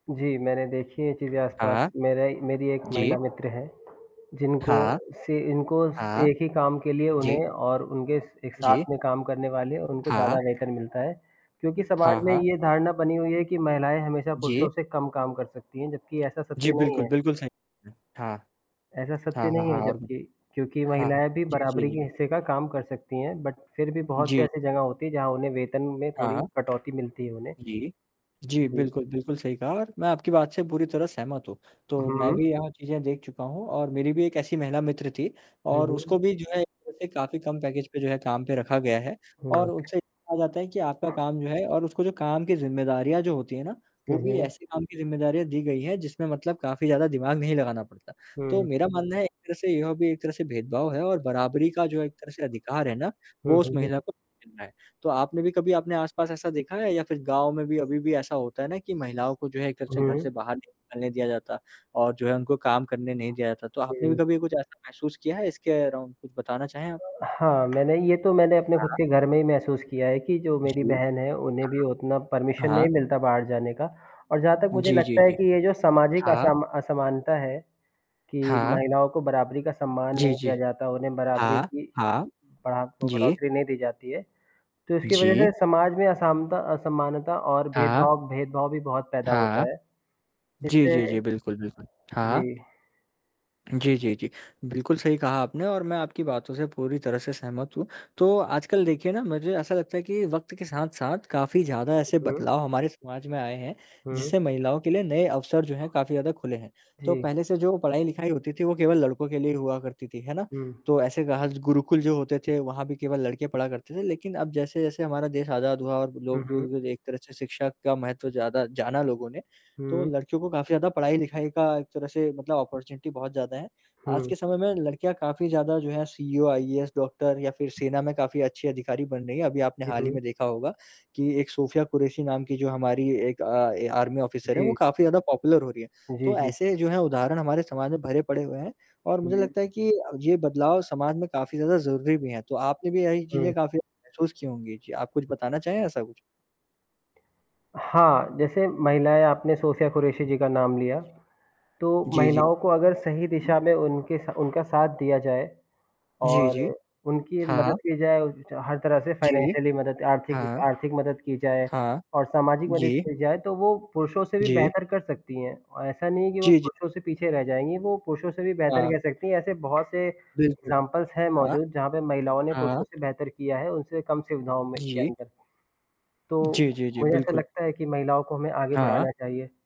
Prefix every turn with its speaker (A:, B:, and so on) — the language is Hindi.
A: जी, मैंने देखी हैं ये चीज़ें आस-पास,
B: हाँ।
A: मेरा ही मेरी एक
B: जी।
A: महिला मित्र है। जिनको
B: हाँ।
A: से इनको स
B: हाँ।
A: एक ही काम के लिए
B: जी।
A: उन्हें और उनके स एक
B: जी।
A: साथ में काम करने वाले उनको ज़्यादा
B: हाँ।
A: वेतन मिलता है, क्योंकि
B: हाँ,
A: समाज में
B: हाँ।
A: ये धारणा बनी हुई है कि महिलाएँ हमेशा पुरुषों
B: जी।
A: से कम काम कर सकती हैं, जबकि ऐसा सत्य
B: जी
A: नहीं
B: बिल्कुल,
A: है।
B: बिल्कुल सही ह हाँ।
A: ऐसा
B: हाँ,
A: सत्य
B: हाँ,
A: नहीं है
B: हाँ, और
A: जबकि क्योंकि
B: हाँ।
A: महिलाएँ भी
B: जी, जी,
A: बराबरी
B: जी।
A: के हिस्से का काम कर सकती हैं। बट फिर भी बहुत से
B: जी।
A: ऐसी जगह होती है जहाँ उन्हें वेतन में थोड़ी
B: हाँ।
A: कटौती मिलती है उन्हें।
B: जी। जी
A: जी।
B: बिल्कुल, बिल्कुल सही कहा और मैं आपकी बात से पूरी तरह सहमत हूँ। तो मैं
A: हुँ।
B: भी यहाँ चीज़ें देख चुका हूँ और मेरी भी एक ऐसी महिला मित्र थी
A: हुँ,
B: और उसको
A: हुँ।
B: भी जो है जैसे काफ़ी कम पैकेज पे जो है काम पे रखा गया है और
A: हुँ।
B: उनसे ये कहा जाता है कि आपका काम जो है और उसको जो काम की ज़िम्मेदारियाँ जो होती हैं ना, वो
A: हुँ,
B: भी
A: हुँ।
B: ऐसे काम की ज़िम्मेदारियाँ दी गई हैं जिसमें मतलब काफ़ी ज़्यादा दिमाग नहीं लगाना पड़ता। तो
A: हुँ।
B: मेरा मानना है एक तरह से यह भी एक तरह से भेदभाव है और बराबरी का जो एक तरह से अधिकार है ना,
A: हुँ,
B: वो उस
A: हुँ।
B: महिला को [unintelligible] है। तो आपने भी कभी आपने आस-पास ऐसा देखा है? या फिर गाँव में भी अभी भी ऐसा होता है ना कि महिलाओं को जो है एक तरह से घर से
A: हुँ।
B: बाहर नहीं निकलने दिया जाता और जो है उनको काम करने नहीं दिया जाता। तो आपने भी
A: हुँ।
B: कभी कुछ ऐसा महसूस किया है इसके अराउंड और कुछ बताना चाहें आप?
A: हाँ, मैंने ये तो मैंने अपने खुद
B: हाँ।
A: के घर में ही महसूस किया है कि जो मेरी
B: जी।
A: बहन है, उन्हें भी उतना
B: हाँ।
A: परमिशन
B: हाँ।
A: नहीं मिलता बाहर जाने का और जहाँ तक मुझे
B: जी, जी,
A: लगता है
B: जी।
A: कि ये जो सामाजिक
B: हाँ।
A: असमा असमानता है, कि
B: हाँ।
A: महिलाओं को बराबरी का सम्मान
B: जी,
A: नहीं
B: जी।
A: दिया जाता, उन्हें बराबरी
B: हाँ,
A: की
B: हाँ।
A: बड़ातो
B: जी।
A: बढ़ोत्तरी नहीं दी जाती है। तो इसकी वजह
B: जी।
A: से समाज में असामता असमानता और
B: हाँ।
A: भेदभाव भेदभाव भी बहुत पैदा
B: हाँ।
A: होता है।
B: जी,
A: जिससे
B: जी, जी, बिल्कुल, बिल्कुल। हाँ।
A: जी।
B: जी, जी, जी। बिल्कुल सही कहा आपने और मैं आपकी बातों से पूरी तरह से सहमत हूँ। तो आजकल देखिए ना मुझे ऐसा लगता है कि वक़्त के साथ-साथ काफ़ी ज़्यादा ऐसे
A: उहुँ।
B: बदलाव हमारे समाज में आए हैं,
A: हुँ।
B: जिससे महिलाओं के लिए नए अवसर जो हैं, काफ़ी ज़्यादा खुले हैं। तो
A: जी।
B: पहले से जो पढ़ाई-लिखाई होती थी, वो केवल लड़कों के लिए ही हुआ करती थी, है ना?
A: हुँ।
B: तो ऐसे गह ज़ गुरुकुल जो होते थे वहाँ भी केवल लड़के पढ़ा करते थे। लेकिन अब जैसे-जैसे हमारा देश आज़ाद हुआ और
A: हुँ,
B: लोग जो
A: हुँ।
B: ग एक तरह से शिक्षा का महत्व ज़्यादा जाना लोगों ने, तो
A: हुँ।
B: लड़कियों को काफ़ी ज़्यादा पढ़ाई-लिखाई का एक तरह से मतलब ऑपर्च्युनिटी बहुत ज़्यादा है। आज
A: हुँ।
B: के समय में लड़कियाँ काफ़ी ज़्यादा जो हैं सीईओ, आईएएस, डॉक्टर या फिर सेना में काफ़ी अच्छे अधिकारी बन रही हैं। अभी आपने
A: हुँ,
B: हाल ही
A: हुँ।
B: में देखा होगा कि एक सोफिया कुरैशी नाम की जो हमारी एक अ, ए आर्मी ऑफिसर है वो
A: जी।
B: काफ़ी ज़्यादा पॉपुलर हो रही है।
A: जी,
B: तो
A: जी।
B: ऐसे जो हैं उदाहरण हमारे समाज में भरे पड़े हुए हैं और मुझे
A: हुँ।
B: लगता है कि अ, ये बदलाव समाज में काफ़ी ज़्यादा ज़रूरी भी हैं। तो आपने भी यही
A: हुँ।
B: चीज़ें काफ़ी ज़्यादा महसूस की होंगी, जी आप कुछ बताना चाहें ऐसा कुछ?
A: हाँ, जैसे महिलाएँ आपने सोफिया कुरैशी जी का नाम लिया।
B: जी।
A: तो
B: जी, जी।
A: महिलाओं को अगर सही
B: हुँ।
A: दिशा में उनके स उनका साथ दिया जाए
B: जी,
A: और
B: जी।
A: उनकी मदद
B: हाँ।
A: की जाए उच च हर तरह से
B: जी।
A: फाइनेंशियली मदद आर्थिक वि
B: हाँ।
A: आर्थिक मदद की जाए
B: हाँ।
A: और सामाजिक मदद
B: जी।
A: की जाए, तो वो पुरुषों से भी
B: जी।
A: बेहतर कर सकती हैं। अ, ऐसा नहीं है कि वो
B: जी, जी।
A: पुरुषों से पीछे रह जाएँगी, वो पुरुषों से भी बेहतर
B: हाँ।
A: कर सकती हैं ऐसे बहुत से
B: बिल्कुल।
A: एग्ज़ाम्पल्स हैं
B: हाँ।
A: मौजूद जहाँ पे महिलाओं ने पुरुषों
B: हाँ।
A: से बेहतर किया है, उनसे कम सुविधाओं में के
B: जी।
A: अंदर। तो
B: जी, जी, जी,
A: मुझे ऐसा
B: बिल्कुल।
A: लगता है कि महिलाओं को हमें आगे बढ़ाना
B: हाँ।
A: चाहिए।